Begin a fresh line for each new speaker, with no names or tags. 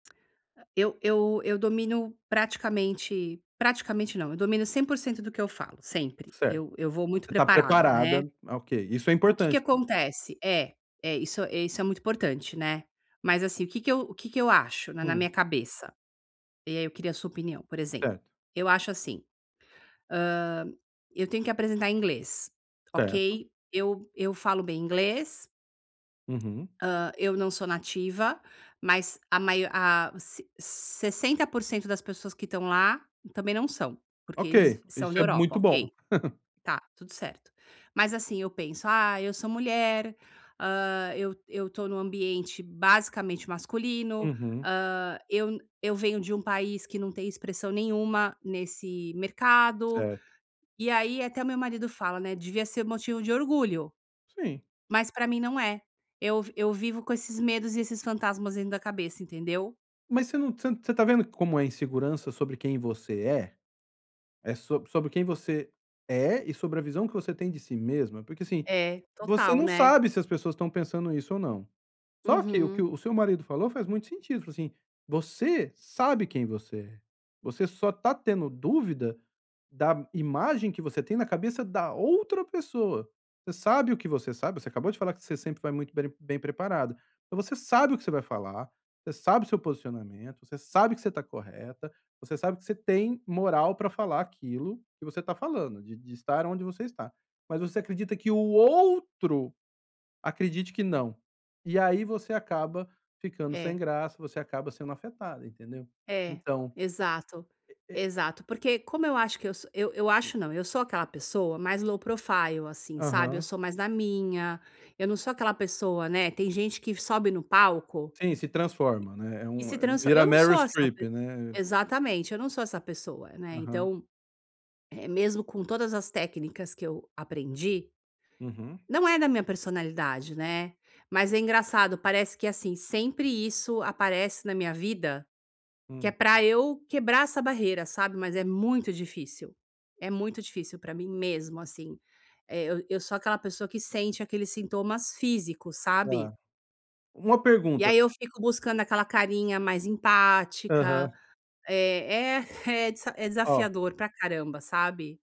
Eu eu eu domino praticamente praticamente não, eu domino 100% do que eu falo, sempre.
Certo.
Eu eu vou muito
Você está
preparada, né.
preparada, ok, isso é
O que que
importante também.
acontece? É é, isso isso é muito importante, né. Mas assim, o que que eu que que eu acho na na minha
Hum.
cabeça? E aí eu queria sua opinião. Por exemplo,
Certo.
eu acho assim, hã, eu tenho que apresentar inglês,
Certo.
ok? Eu eu falo bem inglês
Uhum.
hã, eu não sou nativa, mas a maio a ci 60% das pessoas que estão lá também não são, porque
Ok,
eles são
isso
da
é
Europa,
muito bom.
ok? Tá, tudo certo. Mas assim, eu penso: "Ah, eu sou mulher, hã, eu eu tô num ambiente basicamente masculino,
Uhum.
hã, eu eu venho de um país que não tem expressão nenhuma nesse mercado."
Certo.
E aí até o meu marido fala, né: "Devia ser motivo de orgulho."
Sim.
Mas pra mim não é. Eu eu vivo com esses medos e esses fantasmas dentro da cabeça, entendeu?
Mas você não você não tá vendo como é insegurança sobre quem você é? É sobre sobre quem você é e sobre a visão que você tem de si mesma? Porque assim,
É,
você
total,
não
né.
sabe se as pessoas estão pensando isso ou não, só que o que
Uhum.
o seu marido falou faz muito sentido. Falou assim, você sabe quem você é, você só tá tendo dúvida da imagem que você tem na cabeça da outra pessoa. Você sabe o que você sabe, você acabou de falar que você sempre vai muito bem bem preparada, mas você sabe o que você vai falar, você sabe o seu posicionamento, você sabe que você tá correta, você sabe que você tem moral pra falar aquilo que você tá falando, de de estar onde você está, mas você acredita que o outro acredite que não. E aí, você acaba ficando sem
É.
graça, você acaba sendo afetada, entendeu?
É,
Então,
exato,
e e
exato, porque como eu acho que eu sou eu eu acho não, eu sou aquela pessoa mais low profile, assim, sabe. Eu
Aham.
sou mais da minha, eu não sou aquela pessoa, né. Tem gente que sobe no palco
Sim, se transforma, né? É
e e
uma
se transforma.
vira
Eu não
Meryl
sou essa
Streep,
pe
né.
exatamente, eu não sou essa pessoa, né.
Aham.
Então, eh, mesmo com todas as técnicas que eu aprendi,
Uhum.
não é da minha personalidade, né. Mas é engraçado, parece que assim, sempre isso aparece na minha vida, que é
Hum.
pra eu quebrar essa barreira, sabe. Mas é muito difícil, é muito difícil pra mim mesmo, assim. Eh, eu sou aquela pessoa que sente aqueles sintomas físicos, sabe.
Tá. Uma
E
pergunta:
aí eu fico buscando aquela carinha mais empática,
Aham.
eh, é é desa
Ó
desafiador pra caramba, sabe?